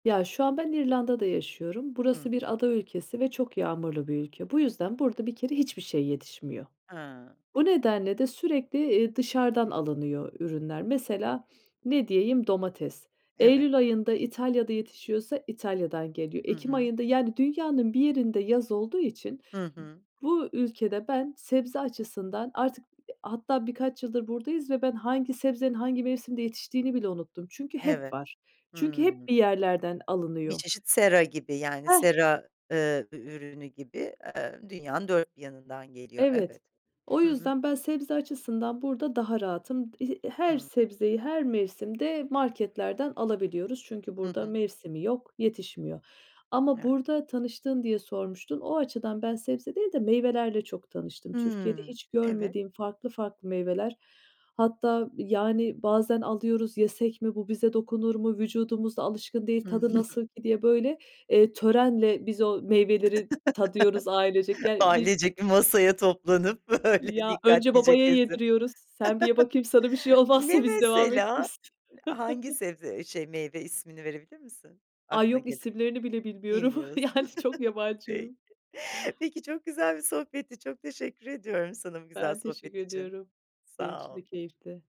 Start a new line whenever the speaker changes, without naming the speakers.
Ya, şu an ben İrlanda'da yaşıyorum.
Hı
Burası bir
hı.
ada ülkesi ve çok yağmurlu bir ülke. Bu yüzden burada bir kere hiçbir şey yetişmiyor.
He.
O nedenle de sürekli, eee, dışarıdan alınıyor ürünler. Mesela, ne diyeyim, domates.
Evet.
Eylül ayında İtalya'da yetişiyorsa İtalya'dan geliyor.
Hı
Ekim
hı.
ayında, yani, dünyanın bir yerinde yaz olduğu için
Hı
b
hı.
bu ülkede ben sebze açısından artık h hatta birkaç yıldır buradayız ve ben hangi sebzenin hangi mevsimde yetiştiğini bile unuttum. Çünkü hep
Evet.
var. Çünkü
Hımm.
hep bir yerlerden
Bir
alınıyor.
çeşit sera gibi yani
Heh.
sera, eee, ü ürünü gibi, eee, dünyanın 4 bir yanından geliyor,
Evet.
evet.
O
Hı hı.
yüzden ben sebze açısından burada daha rahatım. He her
Hımm.
sebzeyi her mevsimde marketlerden alabiliyoruz. Çünkü
Hı
burada
hı.
mevsimi yok, yetişmiyor ama
[unintelligible]
burada tanıştığın diye sormuştun. O açıdan ben sebze değil de meyvelerle çok tanıştım. Türkiye'de
Hmm,
hiç
evet.
görmediğim farklı farklı meyveler, hatta, yani, bazen alıyoruz, "Yesek mi, bu bize dokunur mu, vücudumuz da alışkın değil,
Hı
tadı nasıl ki?" diye, böyle, eee, törenle biz o meyveleri tadıyoruz ailecek. Yani, bir
Ailecek bir masaya toplanıp böyle
Ya, önce
dikkatlice
babaya
kesip.
yediriyoruz. "Sen bir ye bakayım sana bir şey
Ne
olmazsa biz devam
mesela?
ederiz."
Hangi sebze, eee, şey meyve ismini verebilir misin,
Ay,
aklına
yok
geleni?
isimlerini bile bilmiyorum.
Bilmiyorsun.
Yani çok
Peki,
yabancıyım.
peki, çok güzel bir sohbetti, çok teşekkür ediyorum sana bu güzel
Ben teşekkür
sohbet için,
ediyorum. Benim
sağ
için de
ol.
keyifti.